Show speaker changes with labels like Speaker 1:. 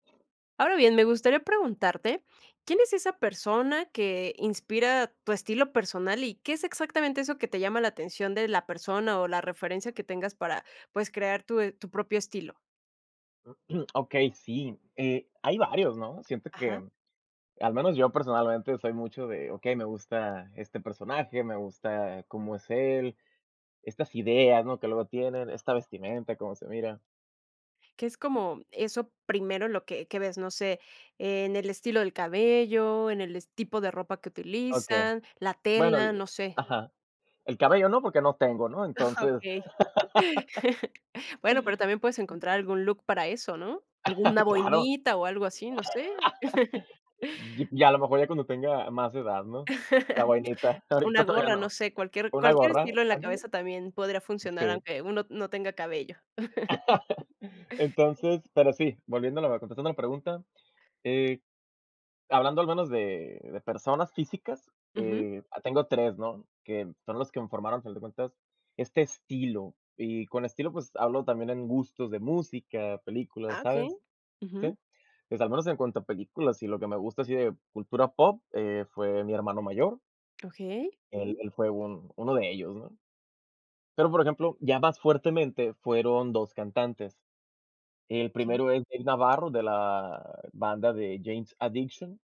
Speaker 1: Ahora bien, me gustaría preguntarte, ¿quién es esa persona que inspira tu estilo personal y qué es exactamente eso que te llama la atención de la persona o la referencia que tengas para, pues, crear tu e tu propio estilo?
Speaker 2: Okey, sí, eh, hay varios, ¿no? Siento
Speaker 1: Ajá.
Speaker 2: que, al menos yo personalmente soy mucho de, okey, me gusta este personaje, me gusta cómo es él, estas ideas, ¿no?, que luego tienen, esta vestimenta, cómo se mira.
Speaker 1: ¿Qué es cómo eso primero, en lo que que ves?, no sé, ¿en el estilo del cabello, en el es tipo de ropa que
Speaker 2: Okey.
Speaker 1: utilizan, la
Speaker 2: Bueno
Speaker 1: tela?,
Speaker 2: di
Speaker 1: no sé.
Speaker 2: ajá. El cabello no porque no tengo, ¿no? Entonces
Speaker 1: Okey. Bueno, pero también puedes encontrar algún look para eso, ¿no? Alguna
Speaker 2: Claro.
Speaker 1: boinita o algo así, no sé.
Speaker 2: Y y a lo mejor ya cuando tenga más edad, ¿no?, la boinita,
Speaker 1: Una
Speaker 2: ahorita todavía
Speaker 1: gorra, no
Speaker 2: no.
Speaker 1: sé, cualquier
Speaker 2: Una
Speaker 1: cualquier
Speaker 2: gorra.
Speaker 1: estilo en la
Speaker 2: Ándale.
Speaker 1: cabeza también podría funcionar,
Speaker 2: Sí.
Speaker 1: aunque uno n no tenga cabello.
Speaker 2: Entonces, pero sí, volviendo a la contestando la pregunta, eh, hablando al menos de de personas físicas,
Speaker 1: Ujú.
Speaker 2: eh, ah, tengo 3, ¿no?, que son los que me formaron, al final de cuentas, este estilo y con estilo, pues, hablo también en gustos de música, películas,
Speaker 1: Ah, okey.
Speaker 2: ¿sabes?,
Speaker 1: Ujú.
Speaker 2: sí. Pues, al menos en cuanto a películas y lo que me gusta así de cultura pop, eh, fue mi hermano mayor.
Speaker 1: Okey.
Speaker 2: Él él fue un uno de ellos, ¿no? Pero, por ejemplo, ya más fuertemente fueron 2 cantantes. El
Speaker 1: Okey.
Speaker 2: primero es Dave Navarro, de la banda de Jane's Adiction.